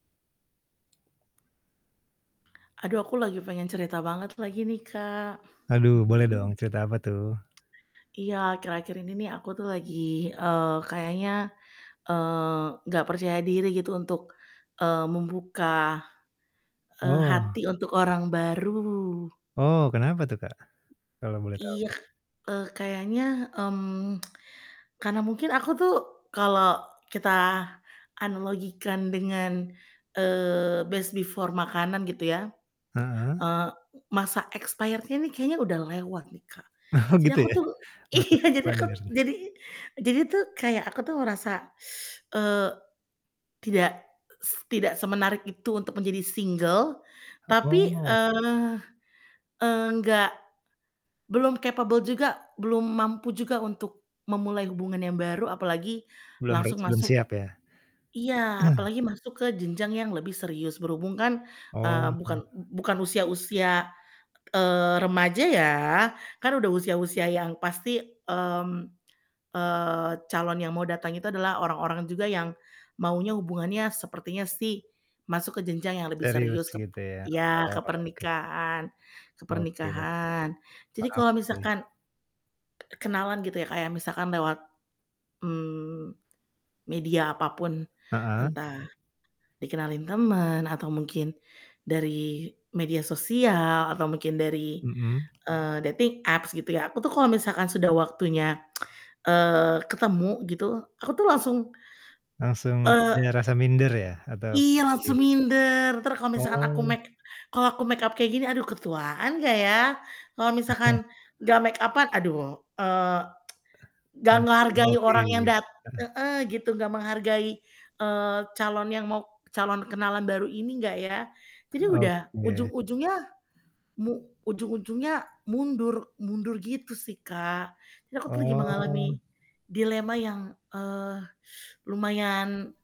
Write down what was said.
Aduh, aku lagi pengen cerita banget lagi nih, Kak. Aduh, boleh Mhm. dong cerita apa tuh? Iya, akhir-akhir ini nih aku tuh lagi, eee, kayaknya, eee, nggak percaya diri gitu untuk, eee, membuka, eee, Oh. hati, untuk orang baru. Oh, kenapa tuh Kak, kalau boleh Iya, tahu? eee, kayaknya, mmm. karena mungkin aku tuh kalau kita analogikan dengan, eee, best before makanan gitu ya, Heeh. eee, masa expired-nya ini kayaknya udah lewat nih, Kak. Oh, Jadi gitu aku ya. tuh iya Masa jadi aku expired. jadi jadi tuh kayak aku tuh ngerasa eee, tidak, s tidak semenarik itu untuk menjadi single, O tapi, oh. eee, enggak belum capable juga belum mampu juga untuk memulai hubungan yang baru, apalagi Belum ri langsung belum masuk siap ya? iya, apalagi masuk ke jenjang yang lebih serius. Berhubung kan, Oh. eee, bukan bu bukan usia usia, eee, remaja ya, kan udah usia-usia yang pasti, mmm, eee, calon yang mau datang itu adalah orang-orang juga yang maunya hubungannya sepertinya sih masuk ke jenjang yang lebih Serius serius kep gitu ya, iya, ke oh, oke. pernikahan ke Oke oke, pernikahan. Jadi paham kalau sih. misalkan k kenalan gitu ya, Kak, ya, kayak misalkan lewat, mmm, media apapun Heeh. entah dikenalin temen atau mungkin dari media sosial atau mungkin dari, Mhm. eee, dating apps gitu ya. Aku tuh kalau misalkan sudah waktunya eee, ketemu gitu, aku tuh langsung, Langsung eee ada rasa minder ya atau kurang Iya, percaya langsung diri. minder entar kalo misalkan aku Oh. make kalo aku makeup kayak gini aduh ketuan gak ya? Kalau misalkan gak makeup-an, aduh, eee, Eh. gak Nanti kurang menghargai oke orang yang gitu, dat heeh. heeh, gitu. Gak menghargai, eee, calon yang mau calon kenalan baru ini gak ya. Jadi udah Oke. ujung-ujungnya mu ujung-ujungnya mundur mundur gitu sih, Kak. Jadi aku tuh lagi mengalami Oh. dilema yang, eee, lumayan